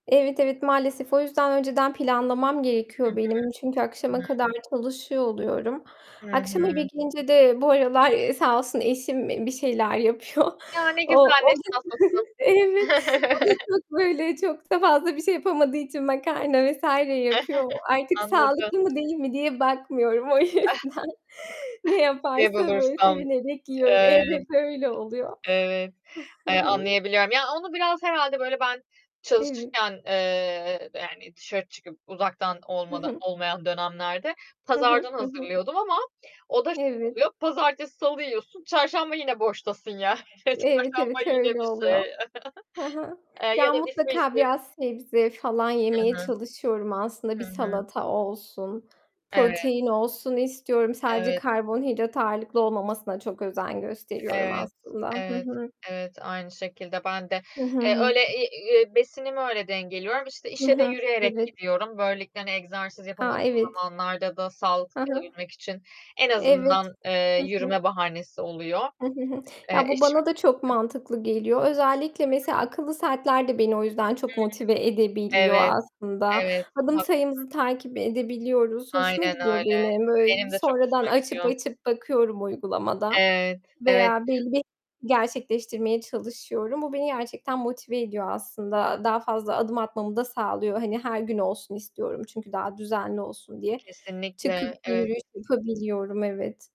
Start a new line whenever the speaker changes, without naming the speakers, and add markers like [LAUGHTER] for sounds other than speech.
Evet, evet maalesef, o yüzden önceden planlamam
Hı
gerekiyor
hı.
benim; çünkü
I
akşama
hı.
kadar çalışıyor oluyorum.
Hı
Akşam eve
hı.
gelince de bu aralar, ııı, sağ olsun eşim, e bir şeyler yapıyor.
Ya ne
O,
güzel,
o
ne
da
şanslısın!
[GIGGLES] Evet, o da
[CHUCKLES]
çok, böyle, çok da fazla bir şey yapamadığı için makarna vs. yapıyor.
[CHUCKLES]
Artık
Anladım.
sağlıklı mı değil mi diye bakmıyorum, o yüzden ne
[CHUCKLES] Ne
yaparsa böyle
bulursam.
sevinerek yiyorum.
Eee,
Evet, öyle oluyor.
evet,
Hı
eee,
hı.
anlayabiliyorum. Ya, onu biraz herhâlde böyle ben
Evet.
çalışırken, eee, yani dışarı çıkıp uzaktan
Hı
olmada
hı.
olmayan dönemlerde
Hı hı.
pazardan
Hı hı.
hazırlıyordum ama o da şöyle
Evet.
oluyor, pazartesi salı yiyorsun, çarşamba yine boştasın yani.
Evet
Çarşamba
evet,
yine
öyle
bir şey,
oluyor.
[CHUCKLES]
Hı hı.
eee, ya
Ya
da
mutlaka
[UNINTELLIGIBLE]
biraz sebze falan
Hı
yemeye
hı. Hı hı.
çalışıyorum aslında, bir
Hı hı. Hı hı.
salata olsun,
Evet.
protein olsun istiyorum. Sadece
Evet.
karbonhidrat ağırlıklı olmamasına çok özen gösteriyorum
Evet.
aslında. Hı
Evet.
hı.
Evet, aynı şekilde ben de.
Hı hı
Eee,
hı.
öyle, iii, eee, besinimi öyle dengeliyorum. İşte
Hı
işe de
hı,
yürüyerek
evet.
gidiyorum. Böylelikle hani egzersiz
A,
yapamadığım
evet.
zamanlarda da sağlıklı
Ha ha.
kalabilmek için en
Evet.
azından, eee,
Hı hı.
yürüme bahanesi oluyor.
Hı hı hı.
Eee,
Ya bu
eşim
bana da çok mantıklı geliyor. Özellikle
I hı.
mesela akıllı saatler de beni o yüzden çok
Hıı.
motive edebiliyor
Evet.
aslında.
evet
Adım
haklısın.
sayımızı takip edebiliyoruz, hoşuma
Aynen
gidiyor
öyle.
benim. Böyle
Benim de çok
sonradan
hoşuma
açıp
gidiyor.
açıp bakıyorum uygulamada
Evet, evet.
veya belli bir gerçekleştirmeye çalışıyorum. Bu beni gerçekten motive ediyor aslında. Daha fazla adım atmamı da sağlıyor, hani, her gün olsun istiyorum çünkü daha düzenli olsun diye.
Kesinlikle,
Çıkıp
evet.
yürüyüş yapabiliyorum, evet.